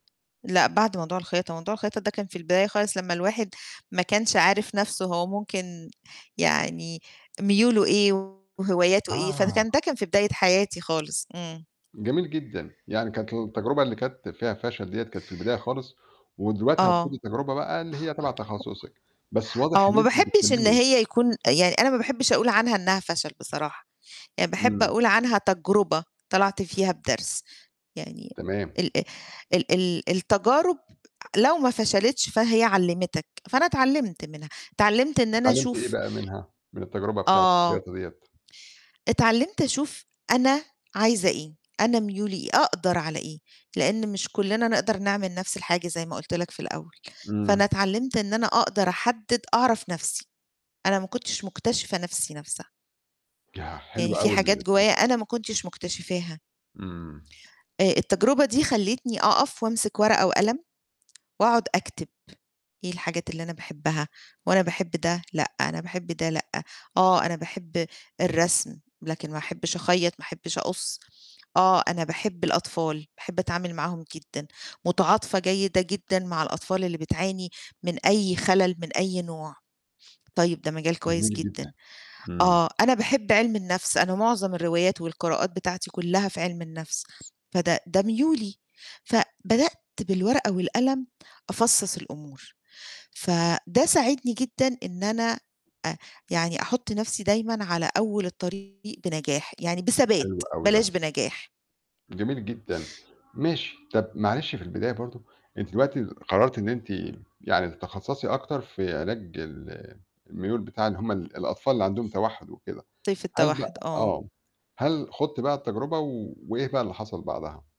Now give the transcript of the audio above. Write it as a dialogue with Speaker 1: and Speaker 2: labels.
Speaker 1: لأ، بعد موضوع الخياطة، موضوع الخياطة ده كان في البداية خالص لمّا الواحد ما كانش عارف نفْسُه هو ممكن يعني ميولُه إيه وهواياتُه إيه؟
Speaker 2: آه.
Speaker 1: فكان ده كان في بداية حياتي خالص. إمم.
Speaker 2: جميل جدًا. يعني كانت التجربة اللي كانت فيها فَشَل ديّة كانت في البداية خالص، ودلوقتي هتخوضي
Speaker 1: آه.
Speaker 2: تجربة بقى اللي هي تَبَع تخصِّصِك، بس واضح
Speaker 1: آه.
Speaker 2: إن
Speaker 1: وما
Speaker 2: أنتِ مش
Speaker 1: باحبش إن
Speaker 2: بتكمّلي.
Speaker 1: هي يكون يعني أنا ما باحبش أقول عنها إنها فَشَل بصراحة، يعني باحب
Speaker 2: إمم.
Speaker 1: أقول عنها تجربة طَلَعت فيها بدرس، يعني
Speaker 2: تمام.
Speaker 1: ال ال ال ال التجارب لو ما فَشَلِتش فهي علِّمتك، فأنا اتعلّمت منها، اتعلّمت إن أنا
Speaker 2: اتعلِّمتِ إيه
Speaker 1: أشوف
Speaker 2: بقى منها، من التجربة بتاعة
Speaker 1: آه.
Speaker 2: الخياطة ديَّة؟
Speaker 1: اتعلِّمت أشوف أنا عايزة إيه؟ أنا ميولي إيه؟ أقدَر على إيه؟ لأن مش كُلّنا نقدَر نعمل نفْس الحاجة زي ما قُلت لك في الأول. فأنا
Speaker 2: إمم.
Speaker 1: اتعلِّمت إن أنا أقدَر أحدِّد أعرف نفْسي، أنا ما كنتش مكتشفة نفْسي نفْسها.
Speaker 2: ياه! حلو
Speaker 1: يعني فيه
Speaker 2: أوي
Speaker 1: حاجات جوايا
Speaker 2: [unintelligible]
Speaker 1: أنا ما كنتش مكتشفاها.
Speaker 2: إمم.
Speaker 1: آآ، التجربة دي خلّتني أقَف وامسِك ورقة وقلم واقعد أكتب، إيه الحاجات اللي أنا باحبها؟ وأنا باحب ده لأ، أنا باحب ده لأ، آه أنا باحب الرسم لكن ما أحبش أخيَّط، ما أحبش أقُصّ، آه أنا باحب الأطفال، باحب أتعامل معاهم جدًا، متعاطفة جيدة جدًا مع الأطفال اللي بتعاني من أي خَلَل، من أي نوع، طيب ده مجال كويس
Speaker 2: جميل جدًا.
Speaker 1: جدًا.
Speaker 2: إمم.
Speaker 1: آه أنا باحب عِلم النفْس، أنا معظم الروايات والقراءات بتاعتي كُلّها في عِلم النفْس، فده ده ميولي، فبدأت بالورقة والقلم أفصَّص الأمور، فده ساعدني جدًا إن أنا أ يعني أحُطّ نفْسي دايمًا على أول الطريق بنجاح، يعني بثبات،
Speaker 2: حلو أوي
Speaker 1: بلاش
Speaker 2: ده.
Speaker 1: بنجاح.
Speaker 2: جميل جدًا، ماشي. طَب معلش في البداية برضه إن أنتِ دلوقتي قرّرتِ إن أنتِ يعني تتخصَّصي أكتر في علاج ال الميول بتاع اللي هُم ال الأطفال اللي عندهم توحُّد وكده.
Speaker 1: طيف
Speaker 2: هل
Speaker 1: التوحُّد،
Speaker 2: بقى
Speaker 1: آه.
Speaker 2: آه. هل خُضتِ بقى التجربة وإيه بقى اللي حصل بعدها؟